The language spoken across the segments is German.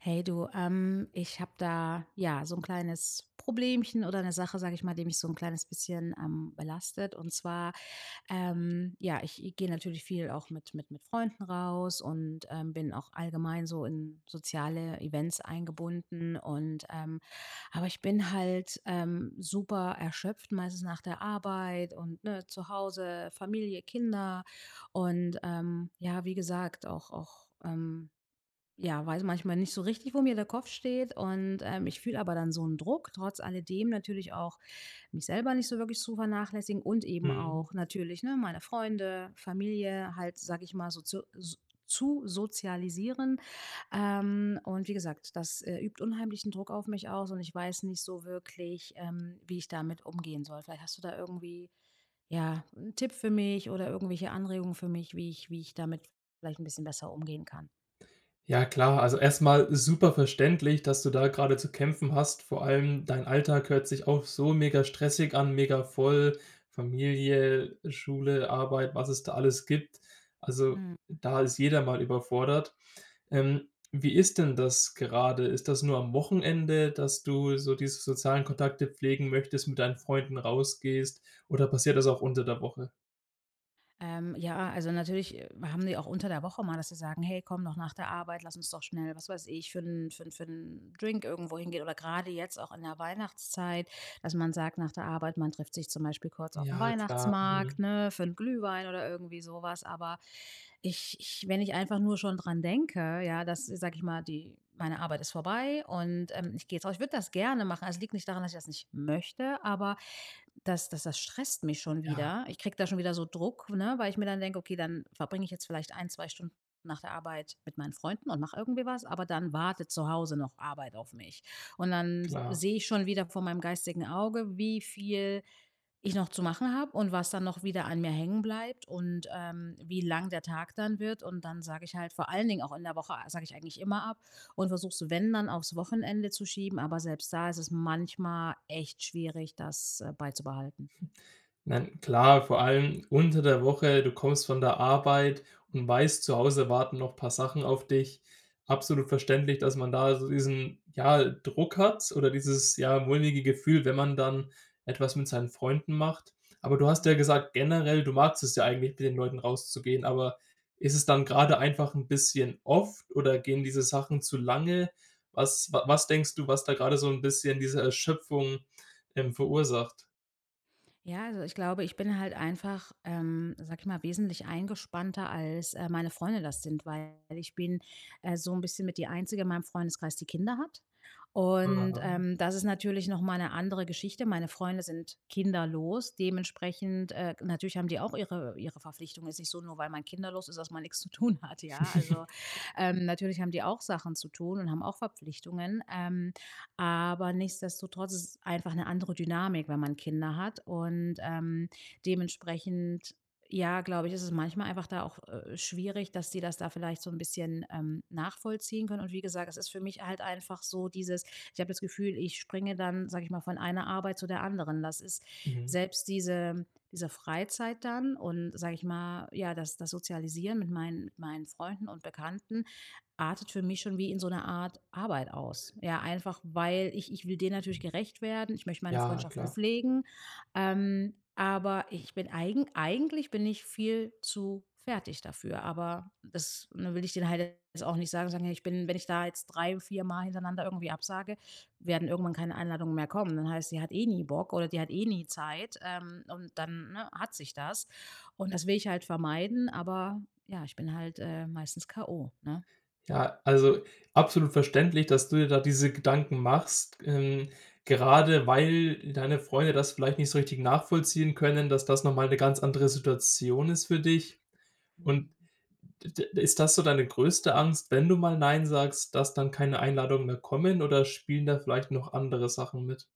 Hey, du, ähm, ich habe da, ja, so 'n kleines Problemchen oder 'ne Sache, sage ich mal, die mich so 'n kleines bisschen, ähm, belastet. Und zwar, ähm, ja, ich gehe natürlich viel auch mit mit mit Freunden raus und, ähm, bin auch allgemein so in soziale Events eingebunden. Und, ähm aber ich bin halt, ähm, super erschöpft, meistens nach der Arbeit und, ne, zu Hause, Familie, Kinder und, ähm, ja, wie gesagt, auch auch, ähm ja, weiß manchmal nicht so richtig, wo mir der Kopf steht. Und, ähm, ich fühle aber dann so 'n Druck trotz alledem natürlich auch mich selber nicht so wirklich zu vernachlässigen. Und eben Mhm. auch natürlich, ne, meine Freunde, Familie halt, sage ich mal so zu su zu sozialisieren. Ähm, und wie gesagt, das, äh, übt unheimlichen Druck auf mich aus. Und ich weiß nicht so wirklich, ähm, wie ich damit umgehen soll. Vielleicht hast du da irgendwie, ja, 'n Tipp für mich oder irgendwelche Anregungen für mich, wie ich wie ich damit vielleicht 'n bisschen besser umgehen kann? Ja, klar. Also, erstmal super verständlich, dass du da gerade zu kämpfen hast. Vor allem dein Alltag hört sich auch so mega stressig an. Mega voll, Familie, Schule, Arbeit, was es da alles gibt. Also, Mhm. da ist jeder mal überfordert. Ähm, wie ist denn das gerade? Ist das nur am Wochenende, dass du so diese sozialen Kontakte pflegen möchtest, mit deinen Freunden rausgehst, oder passiert das auch unter der Woche? Ähm, ja, also, natürlich, äh, haben sie auch unter der Woche mal, dass sie sagen: „Hey, komm doch nach der Arbeit, lass uns doch schnell was weiß ich für 'n für 'n für 'n Drink irgendwo hingehen.“ Oder grade jetzt auch in der Weihnachtszeit, dass man sagt, nach der Arbeit, man trifft sich zum Beispiel kurz aufm Ja, klar. Mhm. Weihnachtsmarkt, ne, für 'n Glühwein oder irgendwie so was. Aber ich ich wenn ich einfach nur schon dran denke, ja, dass, sage ich mal, die meine Arbeit ist vorbei und, ähm, ich gehe jetzt raus, ich würde das gerne machen. Es liegt nicht daran, dass ich das nicht möchte, aber das das das stresst mich schon Ja. wieder. Ich kriege da schon wieder so Druck, ne, weil ich mir dann denke: „Okay, dann verbringe ich jetzt vielleicht 1, 2 Stunden nach der Arbeit mit meinen Freunden und mache irgendwie was, aber dann wartet zu Hause noch Arbeit auf mich.” Und dann Klar. sehe ich schon wieder vor meinem geistigen Auge, wie viel ich noch zu machen habe und was dann noch wieder an mir hängen bleibt und, ähm, wie lang der Tag dann wird. Und dann sage ich halt vor allen Dingen auch in der Woche a sage ich eigentlich immer ab und versuche es, wenn dann aufs Wochenende zu schieben. Aber selbst da ist es manchmal echt schwierig, das, äh, beizubehalten. Nein, klar, vor allem unter der Woche. Du kommst von der Arbeit und weißt: Zu Hause warten noch paar Sachen auf dich. Absolut verständlich, dass man da so diesen, ja, Druck hat, oder dieses ja mulmige Gefühl, wenn man dann etwas mit seinen Freunden macht. Aber du hast ja Mhm. gesagt, generell du magst es ja eigentlich, mit den Leuten rauszugehen. Aber ist es dann grade einfach 'n bisschen oft oder gehen diese Sachen zu lange? Was wa was denkst du, was da grade so 'n bisschen diese Erschöpfung, ähm, verursacht? Ja. Also, ich glaube, ich bin halt einfach, ähm, sage ich mal wesentlich eingespannter, als, äh, meine Freunde das sind. Weil ich bin, äh, so 'n bisschen mit die einzige in meinem Freundeskreis, die Kinder hat. Und, Aha. ähm, das ist natürlich noch mal 'ne andere Geschichte. Meine Freunde sind kinderlos. Dementsprechend, äh, g natürlich haben die auch ihre ihre Verpflichtungen ist nicht so, nur weil man kinderlos ist, dass man nix zu tun hat, ja, also. Ähm, natürlich haben die auch Sachen zu tun und haben auch Verpflichtungen, ähm, aber nichtsdestotrotz ist es einfach 'ne andere Dynamik, wenn man Kinder hat. Und, ähm, dementsprechend, ja, glaube ich, ist es manchmal einfach da auch, äh, schwierig, dass die das da vielleicht so 'n bisschen, ähm, nachvollziehen können. Und wie gesagt, es ist für mich halt einfach so dieses ich habe das Gefühl, ich springe, dann, sage ich mal, von einer Arbeit zu der anderen. Das ist Mhm. selbst diese diese Freizeit dann und, sage ich mal, ja, das das Sozialisieren mit meinen mit meinen Freunden und Bekannten, artet für mich schon wie in so 'ne Art Arbeit aus. Ja, einfach, weil ich ich will denen natürlich gerecht werden. Ich möchte meine Ja, Freundschaften klar. pflegen. Ähm, aber ich bin, eigen eigentlich bin ich viel zu fertig dafür. Aber das ne, will ich denen halt jetzt auch nicht sagen, so ja, ich bin wenn ich da jetzt 3, 4, Mal hintereinander irgendwie absage, werden irgendwann keine Einladungen mehr kommen. Dann heißt: „Sie hat eh nie Bock, oder die hat eh nie Zeit“, ähm, und dann, ne, hat sich das. Und das will ich halt vermeiden, aber ja, ich bin halt, äh, meistens K.O., ne? Ja, also absolut verständlich, dass du dir da diese Gedanken machst. G ähm, gerade weil deine Freunde das vielleicht nicht so richtig nachvollziehen können, dass das noch mal 'ne ganz andere Situation ist für dich. Und Mhm. d d ist das so deine größte Angst, wenn du mal nein sagst, dass dann keine Einladungen mehr kommen, oder spielen da vielleicht noch andere Sachen mit?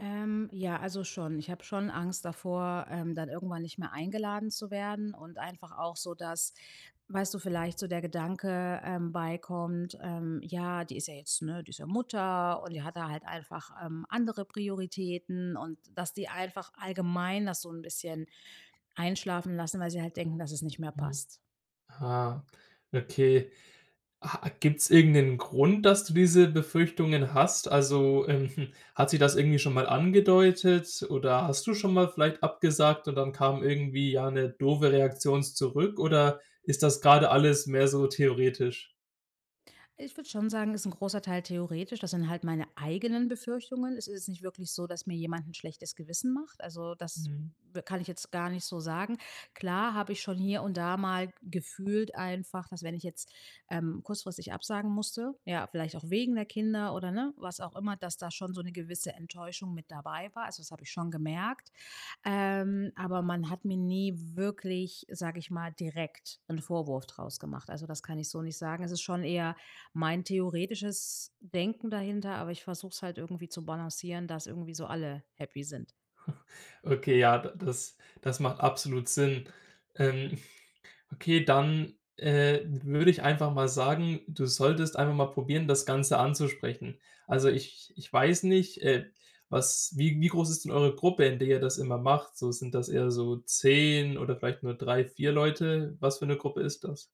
Ähm. Ja, also schon. Ich habe schon Angst davor, ähm, dann irgendwann nicht mehr eingeladen zu werden und einfach auch so, dass- weißt du- vielleicht so der Gedanke, ähm, beikommt, ähm: „Ja, die ist ja jetzt, ne die ist ja Mutter und die hat da halt einfach, ähm, andere Prioritäten“ und dass die einfach allgemein das so 'n bisschen einschlafen lassen, weil sie halt denken, dass es nicht mehr Mhm, passt. ah, okay. A gibt's irgend 'nen Grund, dass du diese Befürchtungen hast? Also, ähm, hm, hat sich das irgendwie schon mal angedeutet? Oder hast du schon mal vielleicht abgesagt und dann kam irgendwie, ja, 'ne doofe Reaktion s zurück? Oder ist das grade alles mehr so theoretisch? Ich würde schon sagen, ist 'n großer Teil theoretisch. Das sind halt meine eigenen Befürchtungen. Es ist jetzt nicht wirklich so, dass mir jemand 'n schlechtes Gewissen macht. Also, das Mhm. w kann ich jetzt gar nicht so sagen. Klar habe ich schon hier und da mal gefühlt einfach, dass, wenn ich jetzt, ähm, kurzfristig absagen musste, ja, vielleicht auch wegen der Kinder oder, ne, was auch immer, dass da schon so 'ne gewisse Enttäuschung mit dabei war. Also, das habe ich schon gemerkt, ähm, aber man hat mir nie wirklich, sage ich mal, direkt 'n Vorwurf draus gemacht. Also, das kann ich so nicht sagen. Es ist schon eher mein theoretisches Denken dahinter, aber ich versuche es halt irgendwie zu balancieren, dass irgendwie so alle happy sind. Okay, ja, d das das macht absolut Sinn. Ähm, okay, dann, äh, würde ich einfach mal sagen, du solltest einfach mal probieren, das Ganze anzusprechen. Also ich ich weiß nicht, äh, was wie wie groß ist denn eure Gruppe, in der ihr das immer macht, so sind das eher so 10 oder vielleicht nur 3, 4 Leute? Was für 'ne Gruppe ist das?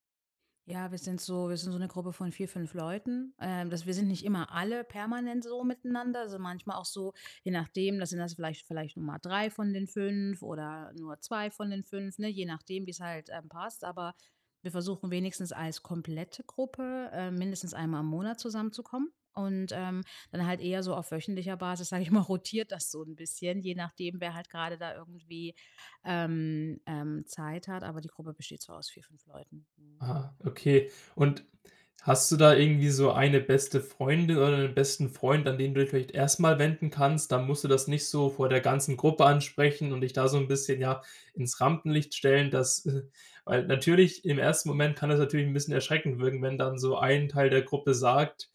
Ja, wir sind so wir sind so 'ne Gruppe von 4, 5 Leuten. Ähm, das wir sind nicht immer alle permanent so miteinander, also manchmal auch so, je nachdem, da sind das vielleicht vielleicht nur mal 3 von den 5 oder nur 2 von den 5, ne, je nachdem, wie es halt, ähm, passt, aber wir versuchen, wenigstens als komplette Gruppe, ähm, mindestens einmal im Monat zusammenzukommen und, ähm, dann halt eher so auf wöchentlicher Basis, sage ich mal, rotiert das so 'n bisschen, je nachdem, wer halt gerade da irgendwie, ähm, ähm, Zeit hat, aber die Gruppe besteht so aus 4, 5 Leuten. Mhm. Ah, okay. Und hast du da irgendwie so eine beste Freundin oder 'n besten Freund, an den du dich vielleicht erstmal wenden kannst? Dann musst du das nicht so vor der ganzen Gruppe ansprechen und dich da so 'n bisschen, ja, ins Rampenlicht stellen, dass äh, weil natürlich im ersten Moment kann es natürlich 'n bisschen erschreckend wirken, wenn dann so ein Teil der Gruppe sagt,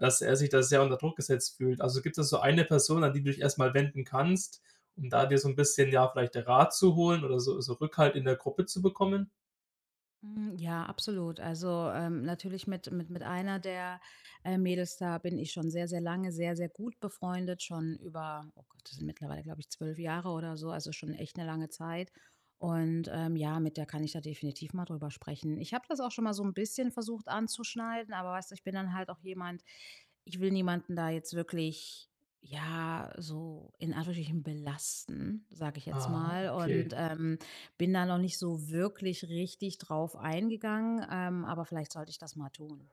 dass er sich da sehr unter Druck gesetzt fühlt. Also gibt es so eine Person, an die du dich erstmal wenden kannst, um da dir so 'n bisschen ja, vielleicht Rat zu holen oder so so Rückhalt in der Gruppe zu bekommen? Mhm, ja, absolut. Also, ähm, natürlich mit mit einer der, äh, Mädels, da bin ich schon sehr, sehr lange sehr, sehr gut befreundet. Schon über, oh Gott, das sind mittlerweile, glaube ich, 12 Jahre oder so. Also, ist schon echt 'ne lange Zeit. Und, ähm, ja, mit der kann ich da definitiv mal drüber sprechen. Ich habe das auch schon mal so 'n bisschen versucht anzuschneiden. Aber weißt du, ich bin dann halt auch jemand. Ich will niemanden da jetzt wirklich, ja, so in Anführungsstrichen belasten, sage ich jetzt Ah, mal. okay. Und, ähm, bin da noch nicht so wirklich richtig drauf eingegangen. Ähm, aber vielleicht sollte ich das mal tun.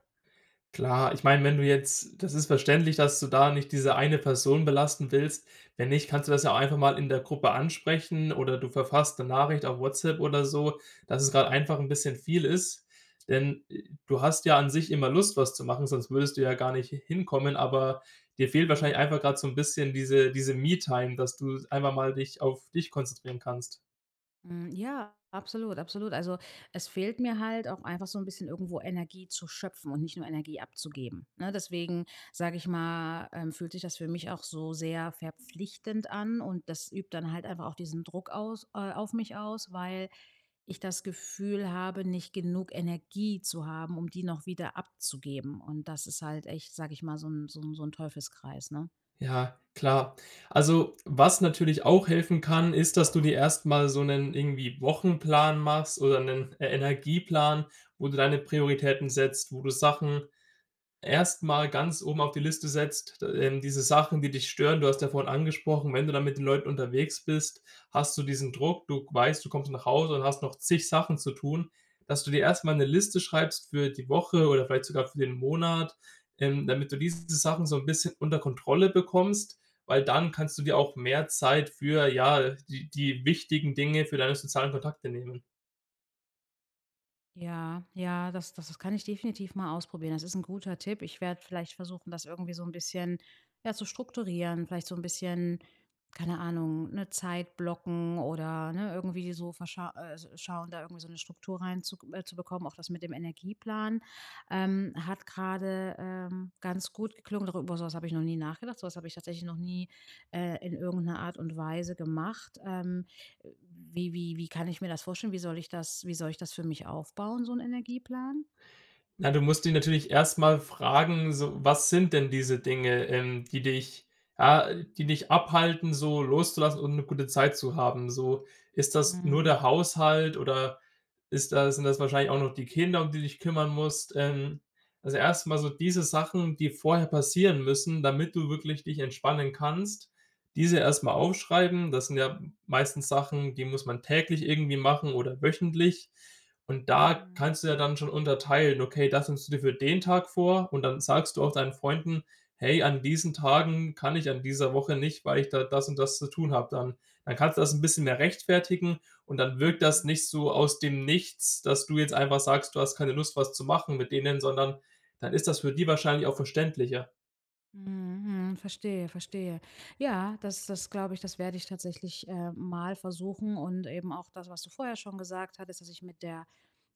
Klar, ich meine, wenn du jetzt das ist verständlich, dass du da nicht diese eine Person belasten willst. Wenn nicht, kannst du das ja auch einfach mal in der Gruppe ansprechen oder du verfasst 'ne Nachricht auf WhatsApp oder so, dass es gerade Mhm. einfach 'n bisschen viel ist, denn, äh, du hast ja an sich immer Lust, was zu machen, sonst würdest du ja gar nicht h hin kommen. Aber dir fehlt wahrscheinlich Mhm. einfach grad so 'n bisschen diese diese, Me-Time, dass du einfach mal dich auf dich konzentrieren kannst. Hm, ja, absolut. Absolut. Also, es fehlt mir halt auch einfach so 'n bisschen irgendwo Energie zu schöpfen und nicht nur Energie abzugeben. Ne, deswegen sage ich mal, ähm, fühlt sich das für mich auch so sehr verpflichtend an. Und das übt dann halt einfach auch diesen Druck aus äh, auf mich aus, weil ich das Gefühl habe, nicht genug Energie zu haben, um die noch wieder abzugeben. Und das ist halt echt, sage ich mal so 'n so 'n so 'n Teufelskreis, ne? Ja, klar. Also, was natürlich auch helfen kann, ist, dass du dir erst mal so 'nen irgendwie Wochenplan machst oder 'nen Energieplan, wo du deine Prioritäten setzt, wo du Sachen erst mal ganz oben auf die Liste setzt, d ähm, diese Sachen, die dich stören. Du hast ja vorhin angesprochen, wenn du dann mit den Leuten unterwegs bist, hast du diesen Druck. Du weißt, du kommst nach Hause und hast noch zig Sachen zu tun Dass du dir erst mal 'ne Liste schreibst für die Woche oder vielleicht sogar für den Monat. Ähm, damit du diese Sachen so 'n bisschen unter Kontrolle bekommst, weil dann kannst du dir auch mehr Zeit für, ja, die die wichtigen Dinge, für deine sozialen Kontakte, nehmen. Ja, ja, das das das kann ich definitiv mal ausprobieren. Das ist 'n guter Tipp. Ich werde vielleicht versuchen, das irgendwie so 'n bisschen, ja, zu strukturieren. Vielleicht so 'n bisschen, keine Ahnung, 'ne Zeit blocken oder, ne, irgendwie so, verscha äh, schauen, da irgendwie so 'ne Struktur rein zu äh, zu bekommen. Auch das mit dem Energieplan, ähm, hat gerade, ähm, ganz gut geklungen, doch über sowas habe ich noch nie nachgedacht, sowas habe ich tatsächlich noch nie, äh, in irgend 'ner Art und Weise gemacht, ähm. Wie wie wie kann ich mir das vorstellen? Wie soll ich das wie soll ich das für mich aufbauen, so 'n Energieplan? Na, du musst dich natürlich erstmal fragen so, was sind denn diese Dinge, ähm, die dich ja, die dich abhalten, so loszulassen und 'ne gute Zeit zu haben. So, ist das nur Mhm. der Haushalt oder ist das sind das wahrscheinlich auch noch die Kinder, um die du dich kümmern musst, ähm Also erstmal so diese Sachen, die vorher passieren müssen, damit du wirklich dich entspannen kannst- diese erstmal aufschreiben. Das sind ja meistens Sachen, die muss man täglich irgendwie machen oder wöchentlich. Und da Mhm. kannst du ja dann schon unterteilen. Okay, das nimmst du dir für den Tag vor. Und dann sagst du auch deinen Freunden: „Hey, an diesen Tagen kann ich an dieser Woche nicht, weil ich da das und das zu tun habe dann.“ Dann kannst du das 'n bisschen mehr rechtfertigen. Und dann wirkt das Mhm. nicht so aus dem Nichts, dass du jetzt einfach sagst, du hast keine Lust, was zu machen mit denen, sondern dann ist das für die wahrscheinlich auch verständlicher. Mhm, mhm, verstehe, verstehe. Ja, das das glaube ich. Das werde ich tatsächlich, äh, mal versuchen. Und eben auch das, was du vorher schon gesagt hattest, dass ich mit der,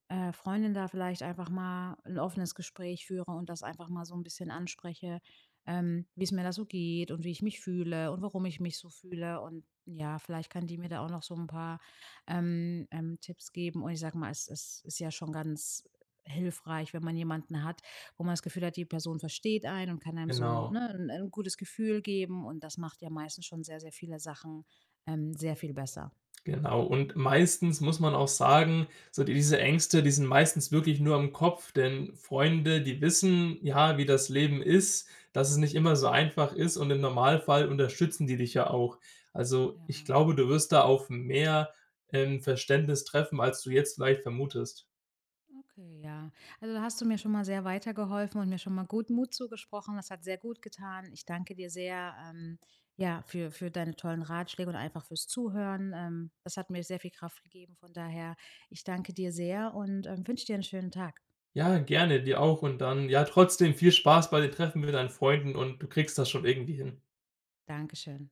äh, Freundin da vielleicht einfach mal 'n offenes Gespräch führe und das einfach mal so 'n bisschen anspreche, ähm, wie es mir da so geht und wie ich mich fühle und warum ich mich so fühle. Und ja, vielleicht kann die mir da auch noch so 'n paar, ähm ähm, Tipps geben. Und ich sage mal, es es ist ja schon ganz hilfreich, wenn man jemanden hat, wo man das Gefühl hat, die Person versteht einen und kann einem so, Genau. ne, 'n 'n gutes Gefühl geben, und das macht ja meistens schon sehr, sehr viele Sachen, ähm, sehr viel besser. Genau. Und meistens muss man auch sagen, so diese Ängste, die sind meistens wirklich nur im Kopf. Denn Freunde, die wissen, ja, wie das Leben ist, dass es nicht immer so einfach ist. Und im Normalfall unterstützen die dich ja auch. Also, ich Ja. glaube, du wirst da auf mehr, ähm, Verständnis treffen, als du jetzt vielleicht vermutest. Okay, ja. Also, da hast du mir schon mal sehr weitergeholfen und mir schon mal gut Mut zugesprochen, das hat sehr gut getan. Ich danke dir sehr, ähm, ja, für für deine tollen Ratschläge und einfach fürs Zuhören. Ähm, das hat mir sehr viel Kraft gegeben. Von daher, ich danke dir sehr und, ähm, wünsche dir 'n schönen Tag. Ja, gerne. Dir auch. Und dann ja, trotzdem viel Spaß bei dem Treffen mit deinen Freunden. Und du kriegst das schon irgendwie hin. Dankeschön.